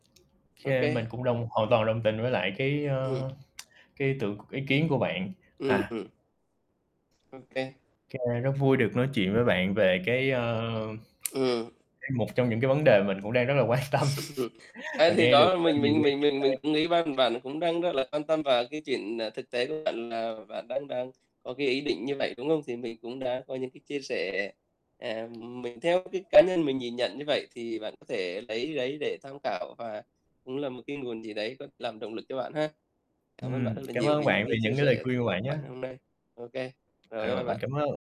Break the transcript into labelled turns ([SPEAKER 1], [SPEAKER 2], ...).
[SPEAKER 1] Ô
[SPEAKER 2] Kê, mình
[SPEAKER 1] kê.
[SPEAKER 2] cũng đồng hoàn toàn đồng tình với lại cái,
[SPEAKER 1] Ừm.
[SPEAKER 2] ơ, cái ý tưởng c ý kiến của bạn.
[SPEAKER 1] Ừm,
[SPEAKER 2] À.
[SPEAKER 1] ừm. Ô kê.
[SPEAKER 2] Kê, rất vui được nói chuyện với bạn về cái, ơ,
[SPEAKER 1] Ừm.
[SPEAKER 2] cái một trong những cái vấn đề mình cũng đang rất là quan tâm
[SPEAKER 1] À,
[SPEAKER 2] và
[SPEAKER 1] thì
[SPEAKER 2] nghe
[SPEAKER 1] đó
[SPEAKER 2] được,
[SPEAKER 1] là
[SPEAKER 2] à,
[SPEAKER 1] mình
[SPEAKER 2] nhiều
[SPEAKER 1] mình
[SPEAKER 2] ý
[SPEAKER 1] mình
[SPEAKER 2] kiến
[SPEAKER 1] mình mình cũng nghĩ ban
[SPEAKER 2] hay.
[SPEAKER 1] bạn cũng đang rất là quan tâm vào cái chuyện, à, thực tế của bạn là bạn đang đang có cái ý định như vậy, đúng không? Thì mình cũng đã có những cái chia sẻ, à, mình theo cái cá nhân mình nhìn nhận như vậy, thì bạn có thể lấy đấy để tham khảo và cũng là một cái nguồn gì đấy có làm động lực cho bạn ha. Cảm ơn bạn
[SPEAKER 2] Ừm,
[SPEAKER 1] rất là
[SPEAKER 2] cảm
[SPEAKER 1] nhiều
[SPEAKER 2] ơn
[SPEAKER 1] vì những
[SPEAKER 2] bạn vì
[SPEAKER 1] cái
[SPEAKER 2] những
[SPEAKER 1] chia
[SPEAKER 2] cái lời
[SPEAKER 1] sẻ thật
[SPEAKER 2] khuyên của
[SPEAKER 1] lòng
[SPEAKER 2] bạn
[SPEAKER 1] của
[SPEAKER 2] nhá.
[SPEAKER 1] bạn ngày hôm nay. Ô kê.
[SPEAKER 2] À,
[SPEAKER 1] Rồi, bye bye
[SPEAKER 2] rồi, mình
[SPEAKER 1] bạn.
[SPEAKER 2] cảm ơn.